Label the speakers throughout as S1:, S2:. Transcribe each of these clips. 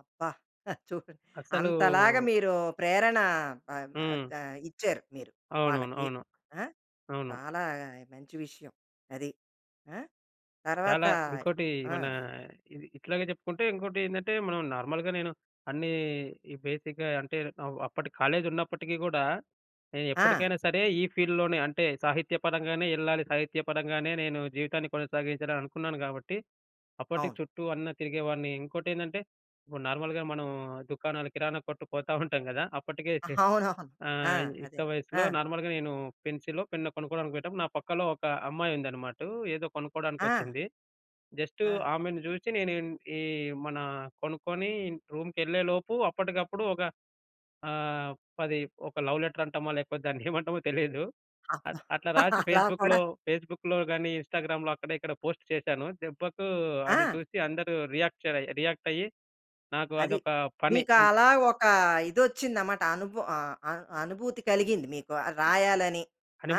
S1: అబ్బా! చూడు
S2: అసలూ
S1: అంతలాగా మీరు ప్రేరణ ఆహ్, ఆహ్,
S2: హ్మ్.
S1: ఆహ్, ఇచ్చారు మీరు
S2: అవునవును.
S1: వాళ్ళకి.
S2: అవును.
S1: ఆ!
S2: అవును.
S1: చాలా మంచి విషయం. అది. ఆ! తర్వాత
S2: చాలా ఇంకోటి
S1: ఆ!
S2: మనా ఇది ఇట్లాగే జెప్పుకుంటే ఇంకోటేందంటే, మనం నార్మల్‌గా నేను అన్నీ ఈ బేసిక్‌గా అంటే అవ్ అప్పటి కాలేజి ఉన్నప్పటికీ గూడా
S1: ఆ!
S2: నేనెప్పడికైనా సరే ఈ ఫీల్డ్‌లోనే అంటే సాహిత్య పరంగానే యెళ్ళాలి. సాహిత్య పరంగానే నేను జీవితాన్ని కొనసాగించాలననుకున్నాను గాబట్టి, అప్పటికి
S1: అవును.
S2: చుట్టూ అన్ని తిరిగేవాన్ని. ఇంకోటేందంటే, ఇప్పుడు నార్మల్‌గా మనం దుకాణాలు కిరాణా కొట్టు పోతాఉంటాం గదా! అప్పటికే చే
S1: అవునవును. ఆ!
S2: ఆహ్,
S1: అదే.
S2: యుక్త వయస్సులో
S1: ఆ!
S2: నార్మల్‌గా నేను పెన్సిలో పెన్నో కొనుక్కోవడానికి పోయేటప్పుడు. నా పక్కలో ఒక అమ్మాయి ఉందన్నమాటూ. ఏదో కొనుక్కోవడానికి
S1: ఆ!
S2: ఒచ్చింది. జస్ట్
S1: ఆ!
S2: ఆమెను జూచి నేను ఈ మన కొనుక్కొని రూమ్‌కెళ్ళేలోపు అప్పటికప్పుడు ఒక ఆహ్, 10 ఒక లవ్ లెటర్ అంటామో లేకపోతే దాన్నేమంటామో తెలీదు.
S1: అబ్బ!
S2: అ అట్లా రాసి
S1: అలా కూడా
S2: ఫేస్‌బుక్‌లో ఫేస్‌బుక్‌లో గాని, ఇన్స్‌టాగ్రామ్‌లో అక్కడ ఇక్కడ పోస్ట్ చేసాను. దెబ్బకు అది
S1: ఆ!
S2: చూసి అందరూ రియాక్ట్ చర్ రియాక్ట్ అయ్యి. నాకు
S1: అది.
S2: అదొక పని. అంటే
S1: మీకలా ఒక ఇదొచ్చిందన్నమాట అనుభ ఆహ్, అ అనుభూతి కలిగింది మీకు ఆ
S2: అ
S1: రాయాలని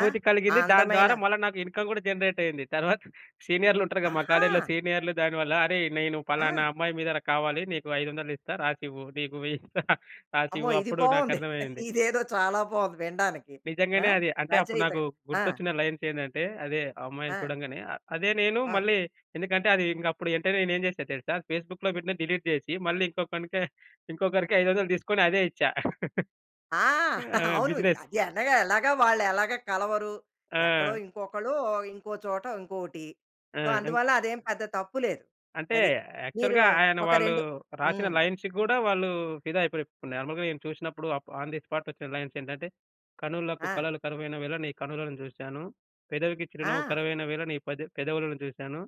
S1: ఆ! ఆ
S2: కలిగింది. దాని
S1: అందమైన
S2: ద్వారా మళ్ళా నాకు ఇన్కమ్ గూడా జనరేట్ అయ్యింది. తరువాత సీనియర్‌లుంటరు గదా! మా కాలేజిలో
S1: ఆహా!
S2: సీనియర్‌లు. దానివల్ల "అరేయ్! నేను పలానా
S1: ఆ!
S2: అమ్మాయి మీద కావాలి నీకు 500 ఇస్తా రాసివ్వు. నీకు వెయ్యిస్తా
S1: అమ్మో!
S2: రాసివ్వు."
S1: ఇది
S2: అప్పుడు
S1: బావుంది.
S2: నాకర్థమయ్యింది.
S1: ఇదేదో చాలా బావుంది వినడానికి. ఆ!
S2: నిజంగానే అది అంటే అప్పుడు నాకు
S1: రచయితగా. ఆ!
S2: గుర్తొచ్చిన లైన్స్ ఏందంటే అదే ఆ అమ్మాయిని
S1: ఆ!
S2: చూడంగానే ఆహ్, అదే నేను
S1: ఆ!
S2: మళ్ళీ ఎందుకంటే అది ఇంగ అప్పుడు యెంటనే నేను ఏం జేసా దెలుసా? ఫేస్‌బుక్‌లో పెట్టినది డిలీట్ జేసి, మళ్ళీ ఇంకొకనికి ఇంకొకరికి 500 తీసుకొని అదే ఇచ్చా.
S1: ఆ!
S2: ఆ!
S1: అవును.
S2: బిజినెస్.
S1: అది అనగా ఎలాగా వాళ్ళు ఎలాగా కలవరు. ఎక్కడో
S2: ఆ!
S1: ఇంకొకళ్ళు ఇంకో చోట ఇంకోటి.
S2: ఆ!
S1: సో,
S2: ఇం
S1: అందువల్ల అదేం పెద్ద తప్పు లేదు.
S2: అంటే
S1: అది. మీరూ
S2: యాక్చువల్‌గా ఆయన
S1: ఒక
S2: వాళ్ళు
S1: రెండు
S2: రాసిన
S1: హ్మ్.
S2: లై‌న్స్‌‌కి గూడా వాళ్ళు ఫిదా అయిపోయి. ఇపుడు నార్మల్‌గా నేను చూసినప్పుడు అప్ ఆన్ ది స్పాట్ ఒచ్చిన లైన్స్ ఏంటంటే, "కనులకు
S1: ఆ!
S2: కళలు కరువైన వేళ నీ కనులను జూసాను. పెదవికి చిరునవ్వు
S1: ఆ!
S2: కరువైన వేళ నీ పెద పెదవులను జూసాను.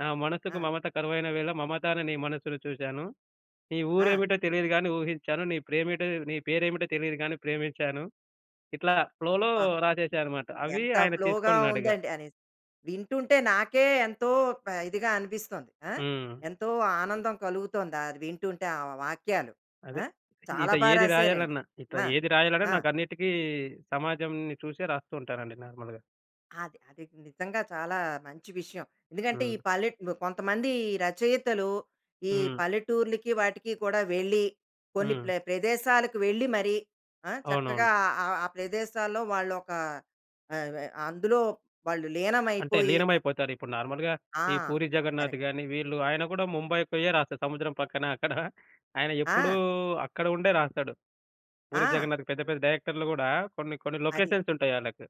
S2: నా మనసుకు
S1: ఆ!
S2: మమత కరువైన వేళ మమత అనే నీ మనస్సుని చూసాను. నీ
S1: ఆ!
S2: ఊరేమిటో తెలియదు గాని, ఊహించాను. నీ ప్రేమేటో నీ పేరేమిటో తెలీదు గాని ప్రేమించాను." ఇట్లా ఫ్లోలో
S1: అబ్బా!
S2: రాసేసా అనమాట. అవి
S1: ఎంత
S2: ఆయన
S1: ఫ్లోగా
S2: తీసుకున్నాడిగ.
S1: ఉందండి. అని వింటుంటే నాకే ఎంతో ప ఇదిగా అనిపిస్తోంది. ఆ!
S2: హ్మ్.
S1: ఎంతో ఆనందం కలుగుతోందది వింటుంటే ఆ వాక్యాలు
S2: అదే.
S1: ఆ! చాలా
S2: ఇట్ట
S1: బా
S2: ఏది
S1: రాసారండి
S2: రాయాలన్నా, ఇట్ట
S1: ఆ!
S2: ఏది రాయాలన్నా
S1: ఆ!
S2: నాకన్నిటికి సమాజంని చూసే రాస్తూ ఉంటానండి నార్మల్‌గా.
S1: అది. అది. నిజంగా చాలా మంచి విషయం. ఎందుకంటే ఈ
S2: హ్మ్.
S1: పల్లె కొంతమంది రచయితలు. ఈ
S2: హ్మ్.
S1: పల్లెటూర్లకి వాటికి కూడా వెళ్లి కొన్ని
S2: హ్మ్.
S1: ప్ల ప్రదేశాలకు వెళ్లి మరీ ఆ! చక్కగా
S2: అవునవును.
S1: ఆ ప్రదేశాల్లో వాళ్ళోక ఆహ్, వ అందులో వాళ్ళు
S2: అంటే
S1: లీనమైపోయి.
S2: లీనమైపోతారు. ఇప్పుడు నార్మల్‌గా
S1: ఆ!
S2: ఈ పూరీ
S1: కరెక్ట్.
S2: జగన్నాథ్ గాని వీళ్ళు ఆయన గూడా ముంబై పోయే రాస్తాడు. సముద్రం పక్కన అక్కడ ఆయన ఎప్పుడూ
S1: ఆ!
S2: అక్కడ ఉండే రాస్తాడు. పూరీ
S1: ఆ!
S2: జగన్నాథ్‌‌‌కి పెద్ద పెద్ద డైరెక్టర్‌లు గూడా కొన్ని కొన్ని
S1: అది.
S2: లొకేషన్స్ ఉంటాయి ఆళ్ళకి.